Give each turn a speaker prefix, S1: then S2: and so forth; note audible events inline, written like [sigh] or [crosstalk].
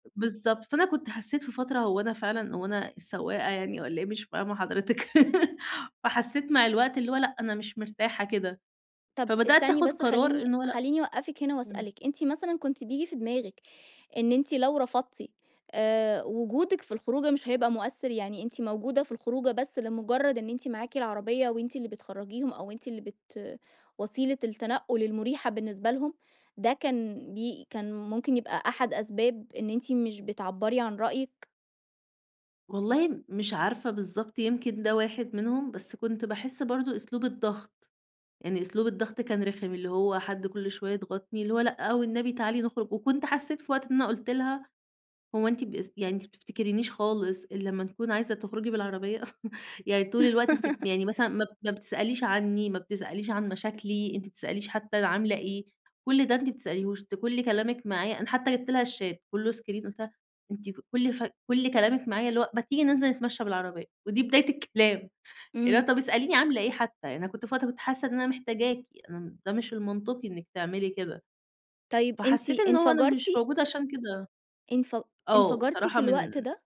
S1: بالضبط، فأنا كنت حسّيت في فترة هو أنا فعلًا هو أنا السواقة يعني، والّا إيه مش فاهمة حضرتِك؟ [laughs] فحسّيت مع الوقت اللي هو لأ، أنا مش مرتاحة كده،
S2: طب
S1: فبدأت
S2: استني
S1: آخُد
S2: بس،
S1: قرار
S2: خلّيني
S1: إن هو لأ،
S2: خلّيني أوقفِك هنا
S1: إمم.
S2: وأسألِك، أنتِ مثلًا كنتِ بييجي في دماغِك إن أنتِ لو رفضتِ، آآ وجودِك في الخروجة مش هيبقى مؤثّر؟ يعني أنتِ موجودة في الخروجة بس لمجرّد إن أنتِ معاكِ العربية وأنتِ اللي بتخرجيهم، أو وأنتِ اللي بت وسيلة التنقل المريحة بالنسبة لهم؟ ده كان بي كان ممكن يبقى أحد أسباب إن أنتِ مش بتعبّري عن رأيِك؟
S1: والله م مش عارفة بالضبط يمكن ده واحد منهم، بس كنت باحس برضه أسلوب الضغط، يعني أسلوب الضغط كان رخم، اللي هو حد كل شوية يضغطني، اللي هو "لأ والنبي تعالي نخرج." وكنت حسّيت في وقت إن أنا قُلت لها: "هو أنتِ بس يعني أنتِ ما بتفتكرينش خالص الّا ما نكون عايزة تخرجي بالعربية؟! [chuckles] يعني طول الوقت أنتِ ب
S2: [laughs]
S1: يعني مثلًا ما ب ما بتسأليش عنّي، ما بتسأليش عن مشاكلي، أنتِ ما بتسأليش حتى أنا عاملة إيه، كل ده أنتِ ما بتسأليهوش، أنتِ كل كلامِك معايا" أنا حتى جبت لها الشات كلّه اسكرين، قُلتها أنتِ: "ف كل ف كل كلامِك معايا اللي هو ما تيجي ننزل نتمشى بالعربية، ودي بداية الكلام، اللي هو
S2: إمم.
S1: طب اسأليني عاملة إيه حتى يعني، أنا كنت في وقت كنت حاسّة إن أنا محتاجاكِ، أنا م ده مش المنطقي إنِّك تعملي كده."
S2: طيب أنتِ
S1: فحسّيت إن هو أنا مش
S2: انفجرتِ؟
S1: موجودة عشان كده،
S2: انف
S1: آه
S2: انفجرتِ
S1: بصراحة
S2: في الوقت
S1: من
S2: ده؟